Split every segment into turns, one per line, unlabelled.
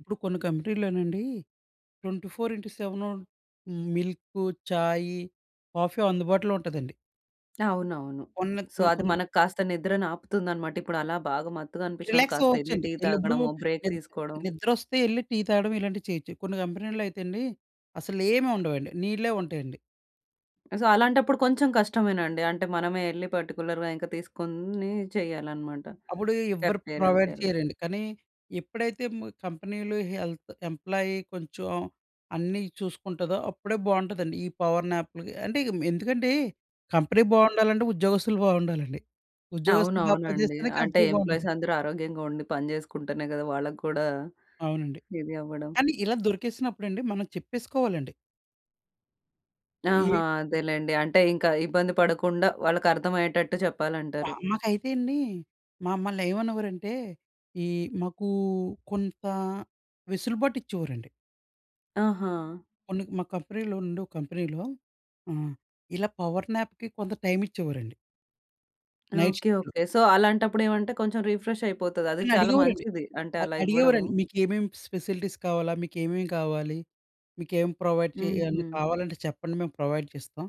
ఇప్పుడు కొన్ని కంపెనీల్లోనండి twenty four into seven milk, చాయి, కాఫీ అందుబాటులో ఉంటదండి.
అవునవును.
కొన్న
సో
మ
అది
కొన్
మనకి కాస్త నిద్రని ఆపుతుందన్నమాట. ఇప్పుడు అలా బాగా మత్తుగా అనిపిచ్చినప్పుడు
రిలాక్స్
కాస్త యెళ్ళి
అవ్వచ్చండి.
టీ
ఈళ్ళిప్పుడూ
తాగడమో బ్రేక్
నిద్
తీసుకోవడం.
నిద్రొస్తే యెళ్ళి టీ తాగడం ఇలాంటివి చేయొచ్చు. కొన్ని కంపెనీ‌ల్లో అయితే అండి, అసలు ఏమి ఉండవండి. నీళ్ళే ఉంటాయండి.
సో అలాంటప్పుడు కొంచెం కష్టమేనండి. అంటే మనమే యెళ్లి పర్టిక్యులర్‌గా ఇంక తీసుకొని చేయాలన్నమాట.
అప్పుడు ఎవ్వరు
కెఫ్టీరియా
ప్రొవైడ్
[unintelligible]
చెయ్యరండి. కానీ ఎప్పుడైతే మ్ కంపెనీలు హెల్త్ ఎంప్లాయి కొంచెం అన్నీ చూసుకుంటదో అప్పుడే బావుంటదండి. ఈ పవర్ నాప్‌లు అంటే ఎందుకంటే కంపెనీ బావుండాలంటే ఉద్యోగస్తులు బావుండాలండి. ఉద్యోగస్తులు బా పని
అవునవునండి.
చేస్తేనే
అంటే
కంపెనీ
ఎంప్లాయీస్
బావుంటది.
అందరూ ఆరోగ్యంగా ఉండి పని జేసుకుంటేనే గదా! వాళ్ళకి గూడా,
అవునండి.
ఇది అవ్వడం.
కానీ ఇలా దొరికేసినప్పుడండి, మనం చెప్పేసుకోవాలండి.
ఆహా!
యే
అదేలెండి. అంటే ఇంకా ఇబ్బంది పడకుండా వాళ్ళకర్థమయ్యేటట్టు చెప్పాలంటారు.
మాకైతే అండి మమ్మల్ని ఏమనేవారంటే? ఈ మాకు కొంత వెసులుబాటు ఇచ్చేవారండి.
ఆహా!
కొన్ని మా కంపెనీలో ఉండే ఒక కంపెనీలో ఆహ్, ఇలా పవర్‌నాప్‌కి కొంత టైమ్ ఇచ్చేవారండి. Night
okay.
షిఫ్ట్‌లో.
ఓకే. సో అలాంటప్పుడేమంటే కొంచెం రీఫ్రెష్ అయిపోతది. అది చాలా
నన్నడిగేవోరండి.
మంచిది. అంటే
అ
అలా ఇవ్వడము.
అడిగేవోరండి. మీకు ఏమేం స్ ఫెసిలిటీస్ కావాలా? మీకు ఏమేమి కావాలి? మీకేం ప్రొవైడ్ చేయాలి. ఏమన్నా
హుహు.
కావాలంటే చెప్పండి మేము ప్రొవైడ్ చేస్తాం.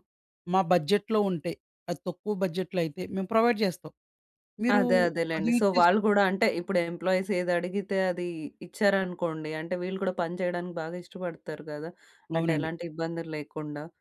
మా బడ్జెట్‌లో ఉంటే అది తక్కువ బడ్జెట్‌లో అయితే మేము ప్రొవైడ్ జేస్తాం. మీరు
అదే
అది
అదేలెండి. సో
యూజ్
వాళ్ళు
చేసుకొ
కూడా అంటే ఇప్పుడు ఎంప్లాయీస్ ఏదడిగితే అది ఇచ్చారనుకోండి, అంటే వీళ్ళు కూడా పని చేయడానికి బాగా ఇష్టపడతారు గదా! అంటే
అవునండి.
ఎలాంటి ఇబ్బందుల్లేకుండా.